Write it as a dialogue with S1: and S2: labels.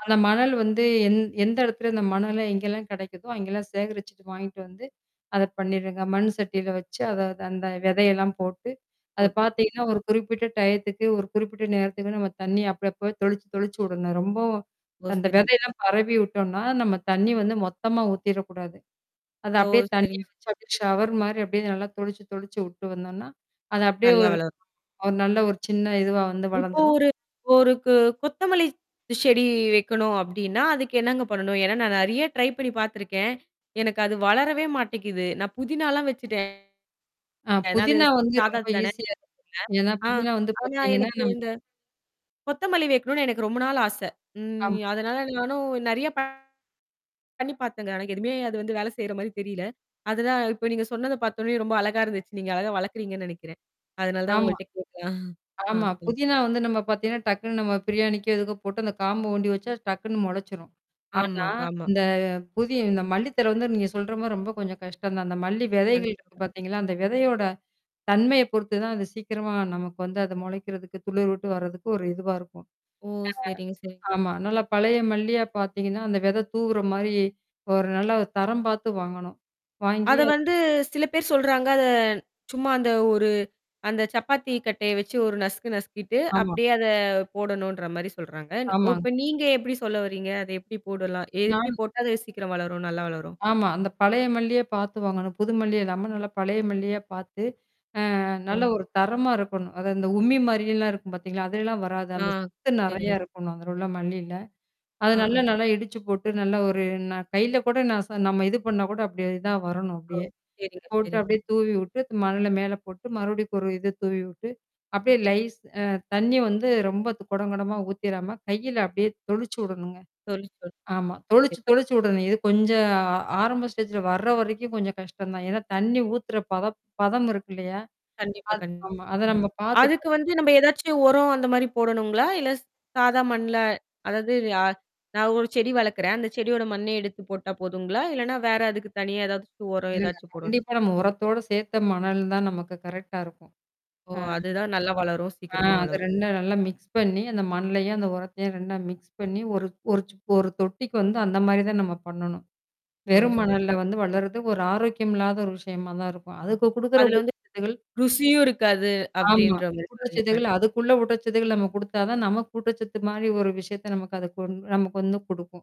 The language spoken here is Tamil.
S1: அந்தமணல் வந்து எந் எந்த இடத்துல அந்த மணல எங்கெல்லாம் கிடைக்குதோ அங்கெல்லாம் சேகரிச்சு வாங்கிட்டு வந்து அதை பண்ணிடுங்க. மண் சட்டியில் வச்சு அத அந்த விதை எல்லாம் போட்டு அதை
S2: ஓட்டு.
S1: பார்த்தீங்கன்னா, ஒரு குறிப்பிட்ட டயத்துக்கு ஒரு குறிப்பிட்ட நேரத்துக்குத் தண்ணி, அப்பப்ப தொளிச்சு தொளிச்சு விடணும். ரொம்பவும்
S2: ஓ,
S1: அந்த
S2: சரி.
S1: விதை எல்லாம் பரவி விட்டோம்னா நம்ம தண்ணி வந்து மொத்தமா ஊத்திரக் கூடாது. அது
S2: ஓ,
S1: அப்படியே தண்ணி
S2: சரிங்
S1: வச்சு ஷவர் மாதிரி அப்படியே நல்லா தொளிச்சு தொளிச்சு விட்டுட்டு வந்தோம்னா அதை அப்படியே
S2: நல்லா
S1: ஒரு
S2: வளரும்.
S1: நல்ல ஒரு சின்ன இதுவா வந்து
S2: இப்ப
S1: வளர்ந்துரும்.
S2: ஒரு ஒரு கொ கொத்தமல்லி செடி வைக்கணும் அப்படின்னா, அதுக்கு என்னங்க பண்ணணும்? ஏன்னா நான் நிறைய ட்ரை பண்ணி பார்த்திருக்கேன். எனக்கு அது வளரவே மாட்டிக்குது. நான் புதினா எல்லாம் வச்சுட்டேன்.
S1: ஆ
S2: ஏன்னா அது
S1: புதினா வந்து
S2: சாதா
S1: ரொம்ப
S2: தானே.
S1: ஈஸிய. ஏன்னா
S2: ஆ,
S1: புதினா வந்து
S2: ஆனா
S1: பாத்தீங்கன்னா
S2: எனக்கு இந்தக் கொத்தமல்லி வைக்கணும்னு எனக்கு ரொம்ப நாளா ஆசை.
S1: ஆம்.
S2: ம். அதனால நானும் நிறைய ப பண்ணி பார்த்தேங்க. ஆனா எதுவுமே அது வந்து வேலை செய்யற மாதிரி தெரியலே. அதுதான் இப்ப நீங்கச் சொன்னதை பார்த்தவுடனே ரொம்ப அழகா இருந்துச்சு. நீங்க அழகா வளர்க்கிறீங்கன்னு நினைக்கிறேன். அதனாலதான்
S1: ஆமா,
S2: உங்ககிட்ட கேட்டேன். ஆ
S1: ஆமா.
S2: சொல்லு
S1: புதினா வந்து நம்ம பாத்தீங்கன்னா டக்குன்னு நம்ம பிரியாணிக்கோ, எதுக்கோ போட்டு அந்தக் காம்பு ஒண்டி வச்சா டக்குன்னு முளைச்சிரும். ஆனா
S2: ஆமாங்க, ஆமா.
S1: இந்த புதி இந்த மல்லி தழை வந்து நீங்கச் சொல்ற மாரி ரொம்ப கொஞ்சம் கஷ்டம் தான். அந்த மல்லி விதைகள் இருக்கு
S2: கண்டிப்பா.
S1: பாத்தீங்களா, அந்த விதையோட தன்மையை பொறுத்து தான் அது சீக்கிரமா நமக்கு வந்து அது முளைக்கிறதுக்கு துளிர்விட்டு வர்றதுக்கு ஒரு இதுவா இருக்கும்.
S2: ஓ! சரிங் சரிங்
S1: ஆ ஆமா. நல்ல பழைய மல்லியா பாத்தீங்கன்னா அந்த விதை தூவுற மாரி ஒரு நல்ல தரம் பாத்து வாங்கணும். வாங்கி
S2: அதை
S1: அ
S2: வந்து சில பேர் சொல்றாங்க அதை சும்மா அந்த ஒரு அந்தச் சப்பாத்தி கட்டை வச்சு ஒரு நசுக்கு நசுக்கிட்டு
S1: ஆமா.
S2: அப்படியே அதைப் போடணும்ன்ற மாதிரி சொல்றாங்க. ஒ
S1: ஆமாங்
S2: இப்ப நீங்க எப்படி சொல்ல வர்றீங்க? அதை எப்படி போடலாம்? எப்படி
S1: நான்
S2: போட்டா அது சீக்கிரம் வளரும், நல்லா வளரும்?
S1: ஆமா. அந்தப் பழைய மல்லியே பாத்து வாங்கணும். புது மல்லி இல்லாம நல்ல பழைய மல்லியே பாத்து அ
S2: ஓ,
S1: நல்ல ஒரு தரமா இருக்கணும். அது அந்த உமி மாரில்லாம் இருக்கும் பார்த்தீங்களா, அதுலைலாம் வராது. அந்தச்
S2: ஆஹ்,
S1: சத்து
S2: சரிங்க.
S1: நிறைய இருக்கணும். அதுல உள்ள மல்லில்ல. அத நல்லா
S2: ஆஹா.
S1: நல்லா இடிச்சு போட்டு நல்ல ஒரு ந கைல கூட நச நம்ம இது பண்ணா கூட அப்படி தான் வரணும்,
S2: ஓ!
S1: அப்படியே.
S2: சரிங்க,
S1: போட்டு
S2: சரிங்க.
S1: அப்படியே தூவி விட்டு மணலை மேல போட்டு மறுபடியும் ஒரு இது தூவி விட்டு அப்படியே லைஸ் அ தண்ணி வந்து ரொம்ப குடம் குடமா ஊத்திராம கையில அப்படியே தொளிச்சு வுடணும்ங்க.
S2: சொல்லு சொல்
S1: ஆமா. தொளிச்சு தொளிச்சு வுடணும். இது கொஞ்சம் அ ஆரம்ப ஸ்டேஜ்ல வர்ற வரைக்கும் கொஞ்சம் கஷ்டம்தான். ஏன்னா தண்ணி ஊத்துற பதம் பதம் இருக்கில்லையா,
S2: கண்டிப்பா,
S1: அது ஆமா அத
S2: கண்டிப்
S1: நம்ம பாத்து, பா
S2: அதுக்கு வந்து நம்ம ஏதாச்சு உரம் அந்த மாதிரி போடணும்ங்களா? இல்ல சாதா மண்ணுல அதாவது அ நான் ஒரு செடி வளர்க்கிறேன். அந்தச் செடியோட மண்ணே எடுத்துப் போட்டா போதும்ங்களா? இல்லைன்னா வேற அதுக்கு தனியா எதாவது ஒரு உரம்
S1: இல்லங்க.
S2: ஏதாச்சு போடணும்
S1: கண்டிப்பா நம்ம உரத்தோடு சேர்த்த மணல் தான் நமக்குக் கரெக்டா இருக்கும்.
S2: ஓ,
S1: அ
S2: அதுதான் நல்லா வளரும்,
S1: அ
S2: சீக்கிரமா
S1: அதை
S2: வளரும்.
S1: 2ம் நல்லா மிக்ஸ் பண்ணி அந்த மண்ணையும் உரத்தையும் மிக்ஸ் பண்ணி ஒரு ஒரு ஒரு தொட்டிக்கு வந்து அந்த மாதிரி தான் நம்ம பண்ணணும்.
S2: ஓ,
S1: வெறும் மணல்ல
S2: சரிங்
S1: வந்து வளர்றது ஒரு ஆரோக்கியமில்லாத ஒரு விஷயமா தான் இருக்கும். அதுக்கு குடுக்கற
S2: அதுல வந்து
S1: ஊட்டச்சத்துக்கள்
S2: ருசியும் இருக்காது
S1: ஆமா.
S2: அப்படின்ற மாதிரி சொல்றீங்க
S1: ஊட்டச்சத்து
S2: கண்டிப்
S1: அதுக்குள்ள ஊட்டச்சத்து நம்ம குடுத்தா தான் நமக்கு கூட்டச்சத்து மாதிரி ஒரு விஷயத்தை நமக்கு அது கொ நமக்கு வந்து கொடுக்கும்.